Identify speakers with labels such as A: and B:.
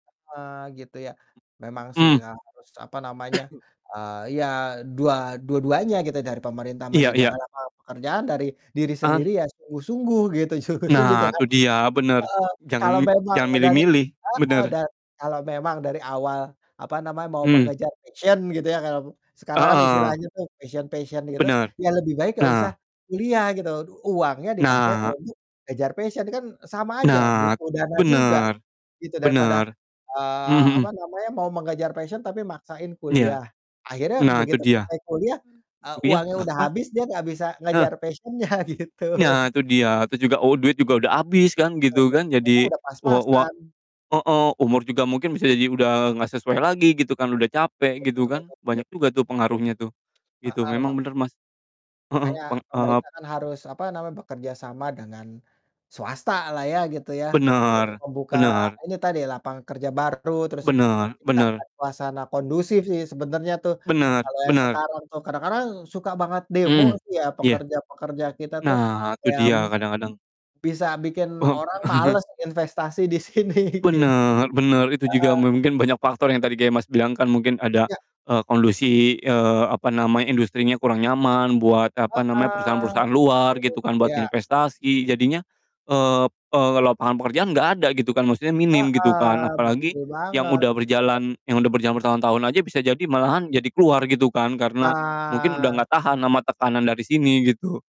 A: Heeh, gitu ya. Memang sih,
B: Mmm.
A: emang harus apa namanya, eee, iya, dua dua-duanya gitu, dari pemerintah
B: Iya iya.
A: menyediakan lapangan pekerjaan, dari diri sendiri
B: An
A: ya sungguh-sungguh, gitu, sungguh-sungguh,
B: Nah,
A: jangan
B: itu dia, bener.
A: heeh, kalau
B: Jangan
A: memang
B: jangan
A: dari
B: milih-milih.
A: heeh.
B: Bener.
A: Da kalau memang dari awal apa namanya, mau
B: Mmm.
A: mengejar passion gitu ya, karam sekarang kan
B: Heeh.
A: istilahnya tuh passion-passion gitu,
B: Bener.
A: ya lebih baik nggak usah
B: Nah.
A: kuliah gitu, uangnya dipakai
B: Nah.
A: untuk kejar passion, kan sama aja,
B: Nah.
A: butuh dana juga
B: Bener.
A: gitu, daripada,
B: Bener. Mmm,
A: eee, apa
B: mhm.
A: namanya, mau mengejar passion tapi maksain
B: Iya.
A: kuliah, akhirnya
B: Nah, itu
A: begitu
B: dia.
A: selesai kuliah, eee,
B: Kuliah
A: uangnya
B: enggak
A: udah
B: kepak
A: habis, dia nggak bisa
B: eh.
A: ngejar passion-nya, gitu.
B: Nah, itu dia. Itu juga, oh oh duit juga udah habis kan
A: Kalau
B: gitu
A: menurut
B: kan.
A: Kakak
B: Jadi,
A: udah
B: wa wa
A: pas-pasan.
B: heeh, umur juga mungkin bisa jadi udah nggak sesuai lagi, gitu kan, udah capek, gitu kan.
A: [unintelligible]
B: Banyak juga tuh pengaruhnya tuh, gitu.
A: Heeh, ma
B: Memang bener, Mas. Heeh,
A: makanya
B: peng ep
A: pemerintah kan harus apa namanya, bekerja sama dengan swasta lah ya, gitu ya, untuk
B: Benar,
A: membuka
B: benar.
A: ini tadi, lapangan kerja baru, terus
B: Benar benar.
A: menciptakan suasana kondusif sih sebenarnya tuh,
B: Benar
A: kalau yang
B: benar.
A: sekarang tuh, kadang-kadang suka banget demo
B: Mmm.
A: sih ya
B: Iya.
A: pekerja-pekerja kita tuh.
B: Nah, itu
A: Ya
B: dia,
A: mungkin
B: kadang-kadang
A: bisa bikin
B: Om
A: orang males investasi di sini, gitu.
B: Bener bener, itu juga
A: Heeh.
B: mungkin banyak faktor yang tadi kayak Mas bilang kan, mungkin ada,
A: Ya.
B: eee, kondisi, eee, apa namanya, industrinya kurang nyaman buat, apa namanya,
A: Heeh,
B: perusahaan-perusahaan
A: gitu.
B: luar, gitu kan, buat
A: Iya.
B: investasi, jadinya, eee, p eee, lapangan pekerjaan nggak ada gitu kan, maksudnya minim gitu kan,
A: Heeh,
B: apalagi
A: betul
B: yang
A: banget.
B: udah berjalan yang udah berjalan bertahun-tahun aja bisa jadi malahan jadi keluar gitu kan, karena mungkin udah
A: Nah.
B: nggak tahan ama tekanan dari sini, gitu